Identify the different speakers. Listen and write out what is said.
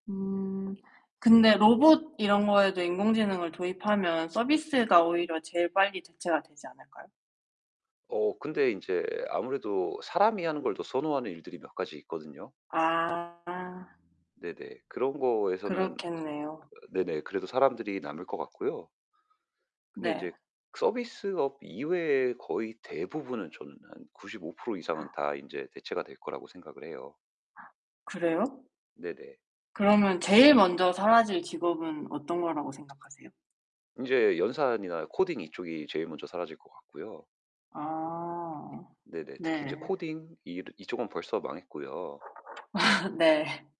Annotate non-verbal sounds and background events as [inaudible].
Speaker 1: 음 근데 로봇 이런 거에도 인공지능을 도입하면 서비스가 오히려 제일 빨리 대체가 되지 않을까요?
Speaker 2: 어 근데 인제 아무래도 사람이 하는 걸 더 선호하는 일들이 몇 가지 있거든요.
Speaker 1: 아.
Speaker 2: 네네. 그런 거에서는
Speaker 1: 그렇겠네요.
Speaker 2: 네네 그래도 사람들이 남을 것 같고요. 근데
Speaker 1: 네.
Speaker 2: 인제 서비스업 이외의 거의 대부분은 저는 한 95% 이상은
Speaker 1: [gasps]
Speaker 2: 다 인제 대체가 될 거라고 생각을 해요.
Speaker 1: [gasps] 그래요?
Speaker 2: 네네.
Speaker 1: 그러면 제일 먼저 사라질 직업은 어떤 거라고 생각하세요?
Speaker 2: 인제 연산이나 코딩 이쪽이 제일 먼저 사라질 것 같고요.
Speaker 1: 아
Speaker 2: 네네 특히 인제
Speaker 1: 네.
Speaker 2: 코딩 이러 이쪽은 벌써 망했고요.
Speaker 1: [laughs] 네.